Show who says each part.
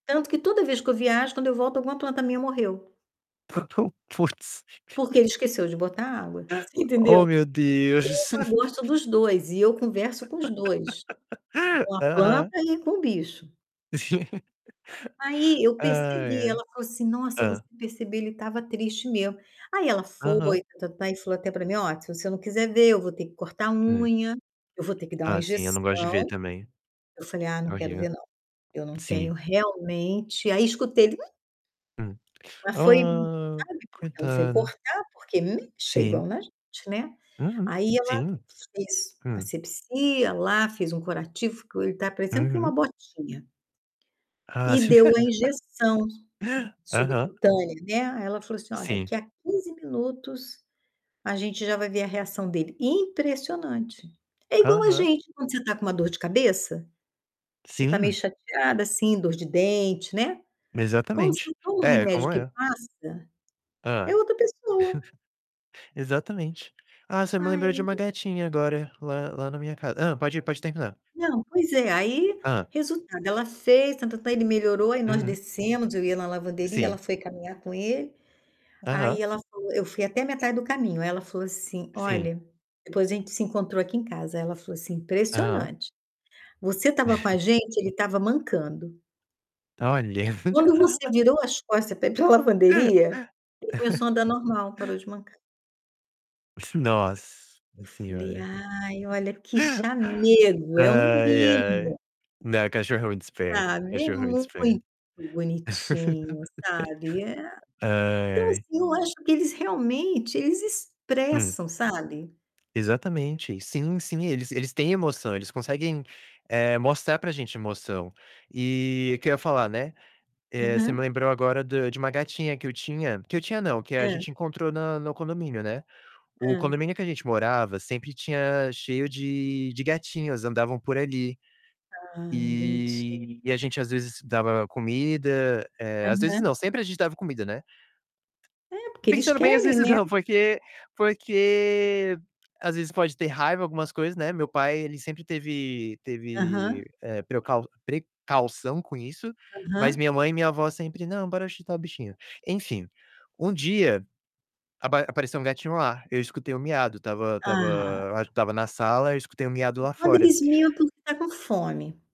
Speaker 1: Tanto que toda vez que eu viajo, quando eu volto, alguma planta minha morreu
Speaker 2: Tá tão putz.
Speaker 1: porque ele esqueceu de botar água, você
Speaker 2: Oh
Speaker 1: entendeu.
Speaker 2: meu Deus.
Speaker 1: Eu já gosto dos 2 e eu converso com os 2. Com a planta
Speaker 2: Aham.
Speaker 1: e com o bicho. Aí eu
Speaker 2: Ai,
Speaker 1: percebi,
Speaker 2: ai.
Speaker 1: ela falou assim: "Nossa, se você
Speaker 2: Hã?
Speaker 1: perceber ele estava triste, mesmo.", Aí ela foi
Speaker 2: Aham.
Speaker 1: e tá-tá-tá, falou até pra mim: "Ó, se eu não quiser ver, eu vou ter que cortar a
Speaker 2: Hum.
Speaker 1: unha, eu vou ter que dar uma
Speaker 2: Ah, sim, eu não
Speaker 1: injeção",
Speaker 2: gosto de ver também.
Speaker 1: eu falei: "Ah, não quero ver
Speaker 2: Imagina.
Speaker 1: não, eu não tenho
Speaker 2: Sim.
Speaker 1: realmente" aí escutei ele: "uh".
Speaker 2: Hum.
Speaker 1: Mas foi, [unintelligible]
Speaker 2: Ah,
Speaker 1: sabe, porque ela foi
Speaker 2: coitada.
Speaker 1: cortar, porque, hum,
Speaker 2: Sim.
Speaker 1: chegam na gente, né.
Speaker 2: Uhum.
Speaker 1: Aí ela
Speaker 2: Sim.
Speaker 1: fez a
Speaker 2: Hum.
Speaker 1: assepsia lá, fez um curativo, ficou ele tá parecendo com uma
Speaker 2: Uhum.
Speaker 1: botinha
Speaker 2: Ah,
Speaker 1: e
Speaker 2: sim.
Speaker 1: deu a injeção su
Speaker 2: Aham.
Speaker 1: subcutânea, né. Aí ela falou assim: "Ó,
Speaker 2: Sim.
Speaker 1: daqui a 15 minutos, a gente já vai ver a reação dele.", impressionante. É igual a
Speaker 2: Aham.
Speaker 1: gente, quando você tá com uma dor de cabeça, você tá meio
Speaker 2: Sim.
Speaker 1: chateada, assim, dor de dente, né, quando você
Speaker 2: Exatamente.
Speaker 1: toma o
Speaker 2: É,
Speaker 1: remédio
Speaker 2: como
Speaker 1: que
Speaker 2: é?
Speaker 1: passa, é
Speaker 2: Hã.
Speaker 1: outra pessoa.
Speaker 2: Exatamente. Ah, você me lembrou de
Speaker 1: Ai
Speaker 2: uma gatinha agora, lá lá na minha casa Hã, pode ir, pode terminar.
Speaker 1: Não, pois é, aí,
Speaker 2: Hã.
Speaker 1: resultado, ela fez, tá-tá-ta´, ele melhorou, aí nós
Speaker 2: Uhum.
Speaker 1: descemos, eu ia na lavanderia, ela
Speaker 2: Sim.
Speaker 1: foi caminhar com ele.
Speaker 2: Aham.
Speaker 1: Aí ela falou eu fui até a metade do caminho, aí ela falou assim:
Speaker 2: Sim.
Speaker 1: "Olha", depois a gente se encontrou aqui em casa, aí ela falou assim:
Speaker 2: Aham.
Speaker 1: "Impressionante. Você estava com a gente, ele estava mancando"
Speaker 2: Olha,
Speaker 1: "quando você virou as costas pra ir pra lavanderia, ele começou a andar normal, parou de mancar".
Speaker 2: Iss nossa
Speaker 1: Eu falei:
Speaker 2: senhora!
Speaker 1: "Ai, olha que chamego, é um
Speaker 2: Ai, ai.
Speaker 1: mimo".
Speaker 2: Né, cachorro é muito esperto,
Speaker 1: Ah, vê
Speaker 2: cachorro
Speaker 1: muito
Speaker 2: desperto.
Speaker 1: bonitinho, sabe, eh a, então,
Speaker 2: Ai.
Speaker 1: assim, eu acho que eles realmente, eles
Speaker 2: Hum.
Speaker 1: expressam, sabe.
Speaker 2: Exatamente. Sim, sim, eles eles têm emoção, eles conseguem, eh, mostrar pra gente emoção. E o que eu ia falar, né, eh, você me
Speaker 1: Uhum.
Speaker 2: lembrou agora do de uma gatinha que eu tinha que eu tinha não, que a
Speaker 1: Hã.
Speaker 2: gente encontrou no no condomínio, né. O
Speaker 1: Hã.
Speaker 2: condomínio que a gente morava, sempre tinha cheio de gatinhos, andavam por ali.
Speaker 1: Ah, bonitinho.
Speaker 2: E e a gente às vezes dava comida, eh, às vezes não,
Speaker 1: Aham.
Speaker 2: sempre a gente dava comida, né
Speaker 1: É, porque eles
Speaker 2: pensando bem, às
Speaker 1: querem,
Speaker 2: vezes
Speaker 1: né.
Speaker 2: não porque porque às vezes pode ter raiva, algumas coisas, né. Meu pai ele sempre teve
Speaker 1: Aham.
Speaker 2: teve, eh, precau precaução com isso, mas
Speaker 1: Aham.
Speaker 2: minha mãe e minha avó sempre: "Não, bora ajudar o bichinho". Enfim, um dia apa apareceu um gatinho lá, eu escutei o miado, estava
Speaker 1: Ah!
Speaker 2: estava, acho que estava na sala, eu escutei o miado
Speaker 1: E
Speaker 2: lá
Speaker 1: quando
Speaker 2: fora
Speaker 1: eles miam é porque tá com fome.